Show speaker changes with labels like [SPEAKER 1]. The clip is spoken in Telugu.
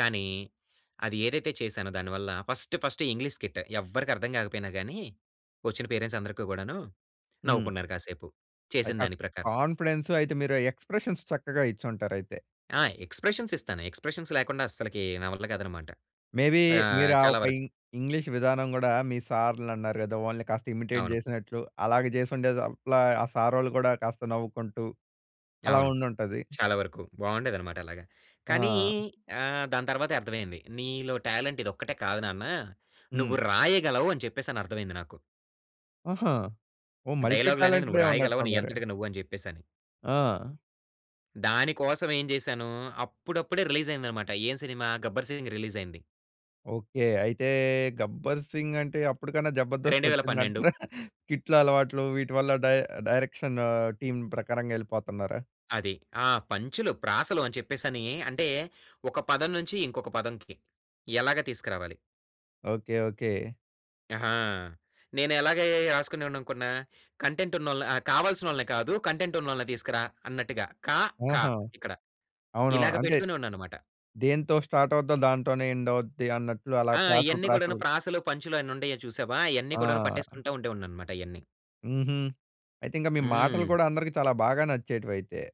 [SPEAKER 1] కానీ, అది ఏదైతే చేసానో దాని వల్ల ఫస్ట్ ఫస్ట్ ఇంగ్లీష్ స్కిట్. ఎవ్వరికీ అర్థం గాకపోయినా గాని, ఒచ్చిన పేరెంట్స్ అందరికి గూడాను
[SPEAKER 2] హ్మ్.
[SPEAKER 1] నవ్వుకున్నారు కాసేపు. చేసిన
[SPEAKER 2] అయితే ఆ
[SPEAKER 1] దాని ప్రకారం.
[SPEAKER 2] కాన్ఫిడెన్స్ అయితే మీరు ఆ ఎక్స్‌ప్రేషన్స్ చక్కగా ఇచ్చుంటారైతే.
[SPEAKER 1] ఆ! ఎక్స్‌ప్రేషన్స్ ఇస్తాను, ఎక్స్‌ప్రేషన్స్ లేకుండా అసలకి నా వల్ల కాదనమాట.
[SPEAKER 2] మే బీ మీరు
[SPEAKER 1] ఆహ్,
[SPEAKER 2] ఆ
[SPEAKER 1] చాలా
[SPEAKER 2] ఒక
[SPEAKER 1] వరకు
[SPEAKER 2] ఇం ఇంగ్లీష్ విధానం గూడా, మీ సారులన్నారు గదా, వాళ్ళని కాస్త ఇమిటేట్
[SPEAKER 1] అవును.
[SPEAKER 2] జేసినట్లు అలాగ జేసిండే అట్లా, ఆ సారోళ్ళు గూడా కాస్త నవ్వుకుంటూ, అలా
[SPEAKER 1] అవును.
[SPEAKER 2] ఉండుంటది.
[SPEAKER 1] చాలా వరకు బావుండేదన్నమాట అలాగా. కానీ
[SPEAKER 2] ఆ!
[SPEAKER 1] ఆహ్, దాని తర్వాతే అర్థమైంది. నీలో టాలెంట్ ఇదొక్కటే కాదు నాన్న, నువ్వు
[SPEAKER 2] హ్మ్.
[SPEAKER 1] రాయగలవు అని చెప్పేసని అర్థమైంది నాకు.
[SPEAKER 2] ఆహా! ఓహ్! మల్టీ
[SPEAKER 1] డైలాగులనేది నువ్వు
[SPEAKER 2] టాలెంటెడే ఉన్నట్టు
[SPEAKER 1] రాయగలవు నీ
[SPEAKER 2] ఉండరె.
[SPEAKER 1] అంతటికి నువ్వు అని జెప్పేసని.
[SPEAKER 2] ఆ!
[SPEAKER 1] దాని కోసం ఏం జేశాను, అప్పుడప్పుడే రిలీజ్ అయిందన్నమాట ఏం సినిమా, 'గబ్బర్ సింగ్' రిలీజ్ అయింది.
[SPEAKER 2] ఓకే. అయితే 'గబ్బర్ సింగ్' అంటే అప్పడికన్నా 'జబర్దస్త్'
[SPEAKER 1] 2012.
[SPEAKER 2] ఒచ్చిందంటారా, స్కిటుల అలవాట్లు వీటివల్ల డై డైరెక్షన్ టీమ్ ప్రకారంగా ఎళ్ళిపోతున్నారా?
[SPEAKER 1] అది. ఆ! పంచులు, ప్రాసలు అని చెప్పేసని, అంటే ఒక పదం నుంచి ఇంకొక పదంకి, ఎలాగా తీసుకురావాలి.
[SPEAKER 2] ఓకే. ఓకే.
[SPEAKER 1] ఆహా! నేను ఎలాగే రాసుకునేవాడిననుకున్న, కంటెంట్ ఉన్నోళ్ళ ఆహ్, కావాల్సినోళ్ళని కాదు కంటెంట్ ఉన్నోళ్ళని తీసుకురా అన్నట్టుగా కా, కా,
[SPEAKER 2] ఆహా!
[SPEAKER 1] ఇక్కడ.
[SPEAKER 2] అవునవును.
[SPEAKER 1] ఇలాగ
[SPEAKER 2] అంటే,
[SPEAKER 1] పెట్టుకునే‌వాడిన్నాన్నమాట.
[SPEAKER 2] దేంతో స్టార్ట్ అవుద్దో దాంతోనే ఎండ్ అవుద్ది అన్నట్లు అలా
[SPEAKER 1] ఆ!
[SPEAKER 2] ప్రాసలు,
[SPEAKER 1] ఇయన్ని గూడాను
[SPEAKER 2] ప్రాసలు.
[SPEAKER 1] ప్రాసలు, పంచులు అన్నీ ఉండేయి చూసావా? అయన్నీ కూడాను
[SPEAKER 2] ఆ!
[SPEAKER 1] పట్టేసుకుంటూ ఉండేవాడిని అన్నమాట ఇయన్నీ.
[SPEAKER 2] హుహు. అయితింకా మీ మాటలు
[SPEAKER 1] హ్మ్.
[SPEAKER 2] గూడా అందరికి చాలా బాగా నచ్చేటివి అయితే.